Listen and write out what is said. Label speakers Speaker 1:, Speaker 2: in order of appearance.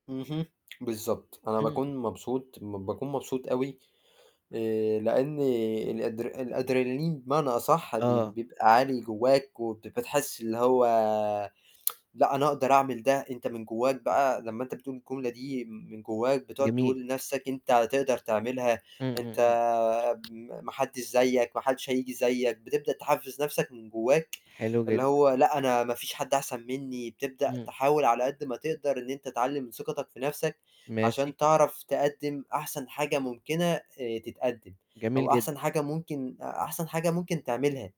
Speaker 1: اهم بالضبط، أنا
Speaker 2: امم.
Speaker 1: باكون مبسوط، م باكون مبسوط أوي، آآ، لأن الأدر الأدرينالين بمعنى أصح بي
Speaker 2: آه.
Speaker 1: بيبقى عالي جواك، وبت بتحس اللي هو لأ أنا أقدر أعمل ده، أنت من جواك بقى لمّا أنت بتقول الجملة دي م من جواك بتقعد
Speaker 2: جميل.
Speaker 1: تقول لنفسك أنت هتقدر تعملها،
Speaker 2: إمم،
Speaker 1: أنت
Speaker 2: إمم، إمم.
Speaker 1: امم، ما حدش زيّك، ما حدش هييجي زيّك بتبدأ تحفِّز نفسك من جواك،
Speaker 2: حلو
Speaker 1: اللي
Speaker 2: جدًا.
Speaker 1: هو لأ أنا ما فيش حد أحسن مني، بتبدأ
Speaker 2: امم.
Speaker 1: تحاول على قد ما تقدر إن أنت تعلِّي من ثقتك في نفسك،
Speaker 2: ماشي.
Speaker 1: عشان تعرف تقدِّم أحسن حاجة ممكنة آآ، تتقدّم
Speaker 2: جميل
Speaker 1: أو
Speaker 2: جدًا.
Speaker 1: أحسن حاجة ممكن أ أحسن حاجة ممكن تعملها.